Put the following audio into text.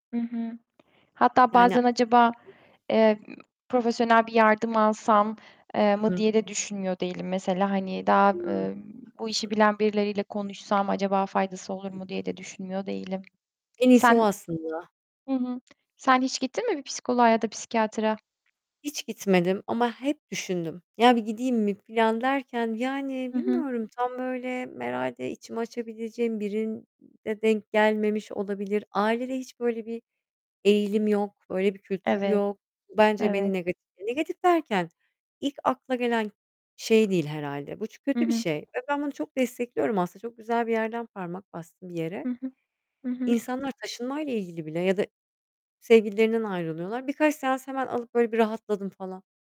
Hı hı. Hatta Yani bazen acaba, [unintelligible] eee, ııı, profesyonel bir yardım alsam, eee, Hı mı hı. diye de düşünmüyor değilim mesela, hani, daha, Hı, emm, haklısın. bu işi bilen birileriyle konuşsam acaba faydası olur Hı mu hı. diye de düşünmüyor değilim. En iyisi o Sen aslında. Hı hı, sen hiç gittin mi bir psikoloğa ya da psikiyatra? Hiç gitmedim ama hep düşündüm. Ya, bir gideyim mi filan derken, yani, Hı hı. bilmiyorum, tam böyle herhâlde içimi açabileceğim birine denk gelmemiş olabilir. Ailede hiç böyle bir eğilim yok, öyle bir kültür Evet, yok. Bence beni evet. negatif, negatif derken, ilk akla gelen şey değil herhâlde. Bu çu Hı kötü bir hı. şey ve ben bunu çok destekliyorum aslında. Çok güzel bir yerden parmak bastın, bir yere. Hı hı, hı hı. İnsanlar taşınmayla ilgili bile ya da sevgililerinden ayrılıyorlar. Birkaç seans hemen alıp, böyle, bir rahatladım falan.